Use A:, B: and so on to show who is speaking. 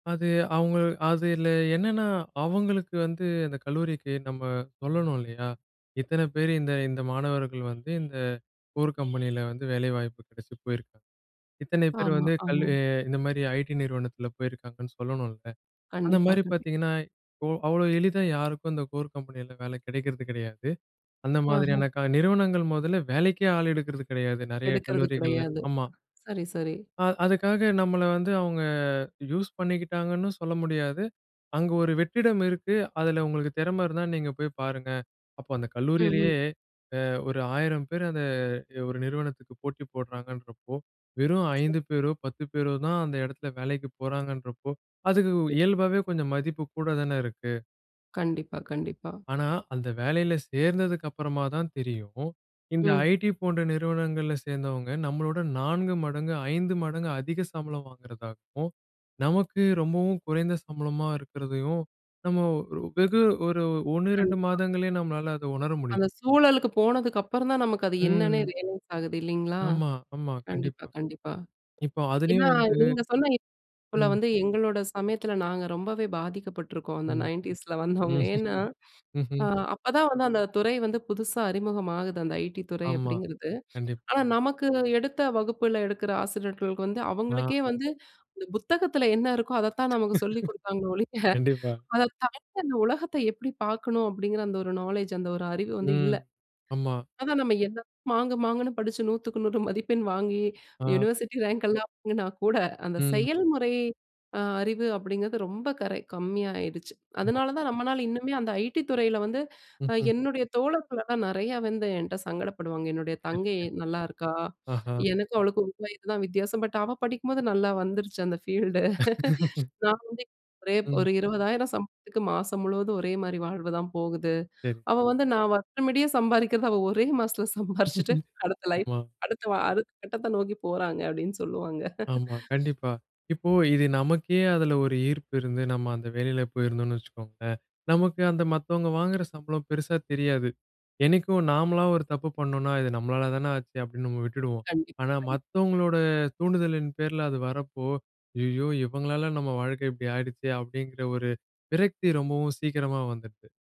A: அது அவுங்க அதில என்னன்னா, அவங்களுக்கு வந்து, அந்த கல்லூரிக்கு நம்ம சொல்லணும் இல்லையா, இத்தனை பேரு இந்த இந்த மாணவர்கள் வந்து, இந்த கோர் கம்பெனியில வந்து வேலைவாய்ப்பு கெடைச்சு போயிருக்காங்க. இத்தனை பேர்
B: ஆமா,
A: வந்து கல்லு
B: ஆமா.
A: இந்த மாரி ஐடி நிறுவனத்தில போயிருக்காங்கன்னு சொல்லணும்ல! அந்த
B: கண்டிப்பா
A: மாரி
B: கண்டிப்
A: பாத்தீங்கன்னா, இப்போ அவ்வளோ எளிதா யாருக்கும் அந்த கோர் கம்பெனியில வேலை கிடைக்கிறது கிடையாது. அந்த
B: அஹா!
A: மாதிரியான க நிறுவனங்கள் மொதல்ல வேலைக்கே ஆள் எடுக்கிறது கிடையாது. நெறையா
B: எடுக்கிறது
A: கல்லூரிகள்ல,
B: கிடையாது.
A: ஆமா.
B: சரி, சரி.
A: அ அதுக்காக நம்மள வந்து அவுங்க யூஸ் பண்ணிக்கிட்டாங்கன்னும் சொல்ல முடியாது. அங்க ஒரு வெற்றிடம் இருக்கு, அதில உங்களுக்கு திறமை இருந்தா, நீங்க போய் பாருங்க. அப்போ அந்த
B: ம்ஹ்ம்.
A: கல்லூரியிலயே அ ஒரு 1,000 பேர் அத ஒரு நிறுவனத்துக்கு போட்டி போடுறாங்கன்றப்போ, வெறும்
B: சரி.
A: 5 பேரோ, 10 பேரோ தான் அந்த எடத்துல வேலைக்கு போறாங்கன்றப்போ, அதுக்கு
B: ம்.
A: இயல்பாவே கொஞ்சம் மதிப்பு கூட தான இருக்கு!
B: கண்டிப்பா, கண்டிப்பா.
A: ஆனா, அந்த வேலையில சேர்ந்ததுக்கு அப்புறமா தான் தெரியும். இந்த
B: ம்.
A: ஐடி போன்ற நிறுவனங்கள்ல சேர்ந்தவங்க, நம்மளோட 4 மடங்கு 5 மடங்கு அதிக சம்பளம் வாங்கிறதாகவும், நமக்கு ரொம்பவும் குறைந்த சம்பளமா இருக்கிறதையும், நம்ம வெகு ஒரு 1 2
B: கண்டிப்பா.
A: மாதங்களே நம்மளால அத உணர முடியும்.
B: அந்த சூழலுக்கு போனதுக்கு அப்புறம் தான் நமக்கு அது என்னன்னே
A: ம்.
B: ரியலைஸ் ஆகுது. இல்லைங்களா?
A: ஆமா, ஆமா.
B: கண்டிப்பா
A: கண்டிப்பா.
B: கண்டிப்பா.
A: இப்போ
B: ஏன்னா,
A: அதுலயும் வந்து
B: நீங்க சொன்ன [unintelligible]
A: ம்.
B: வந்து எங்களோட சமயத்தில நாங்க ரொம்பவே பாதிக்கப்பட்டிருக்கோம். அந்த
A: மா.
B: 90ஸ்ல வந்தவங்க. ஏன்னா, ஆ
A: ம்ஹ்ம்.
B: அப்பதான் வந்து அந்த துறை வந்து புதுசா அறிமுகமாகுது. அந்த ஐடி துறை
A: ஆமா.
B: அப்படிங்கிறது.
A: கண்டிப்
B: ஆனா, நமக்கு எடுத்த வகுப்பில எடுக்குற ஆசிரியர்களுக்கு வந்து,
A: ஆ.
B: அவங்களுக்கே வந்து இந்த புத்தகத்தில என்ன இருக்கோ அதைத்தான் நமக்கு சொல்லிக் குடுத்தாங்களே ஒழிய,
A: கண்டிப்பா.
B: "அதை தாண்டி இந்த உலகத்த எப்படி பாக்கணும்?" அப்படிங்கிற அந்த ஒரு நாலேட்ஜ் அந்த ஒரு அறிவு வந்து இல்ல.
A: ம், ஆமா.
B: அதான் நம்ம என்ன தான் மாங்கு மாங்குன்னு படிச்சு 100க்கு 100 மதிப்பெண் வாங்கி,
A: அ.
B: யுனிவர்சிட்டி ரேங்க் எல்லாம் வாங்கினா கூட, அந்த
A: ம்.
B: செயல்முறை அ அறிவு அப்படிங்கிறது, ரொம்ப கரெக் கம்மியா ஆயிடுச்சு.
A: ஆமா.
B: அதனால தான் நம்மளால இன்னுமே அந்த ஐடி துறையில வந்து,
A: ம்,
B: அ
A: ம்.
B: என்னுடைய தோழர்களலாம் நெறையா வந்து என்ட சங்கடப்படுவாங்க. "என்னுடைய
A: [unintelligible]
B: தங்கை நல்லாயிருக்கா.
A: ஆஹா!
B: எனக்கும் அவளுக்கும் 1 வயது தான் வித்தியாசம். பட் அவ படிக்கும்போது, நல்லா வந்துருச்சு அந்த ஃபீல்டு. நான் வந்து ஒரே,
A: ம்.
B: ஒரு 20,000 சம்பளத்துக்கு மாசம் முழுவதும் ஒரே மாரி வாழ்வு தான் போகுது.
A: சரி, சரி.
B: அவ வந்து நான் வருஷமுடியசம்பாதிக்கிறத அவ ஒரே மாசத்துல சம்பாரிச்சுட்டு, அடுத்த லைஃப்,
A: ஆமா.
B: அடுத்த வ அடுத்த கட்டத்த நோக்கி போறாங்க." அப்டின்னு சொல்வாங்க.
A: ஆமா, கண்டிப்பா. இப்போ இது நமக்கே அதில ஒரு ஈர்ப்பு இருந்து, நம்ம அந்த வேலைல போயிருந்தோம்ன்னு வச்சுக்கோங்களேன், நமக்கு அந்த மத்தவங்க வாங்குற சம்பளம் பெருசா தெரியாது. என்னைக்கும் நாமளா ஒரு தப்பு பண்ணோம்ன்னா, இது நம்மளால தான ஆச்சு அப்படின்னு நம்ம விட்டுடுவோம்.
B: கண்டிப்பா,
A: ஆனா,
B: கண்டிப்பா.
A: மத்தவங்களோட தூண்டுதலின் பேரில அது வரப்போ, "ஐயயோ! இவங்களால நம்ம வாழ்க்க இப்படி ஆயிடுச்சே" அப்படிங்கற ஒரு விரக்தி ரொம்பவும் சீக்கிரமா வந்துடுது.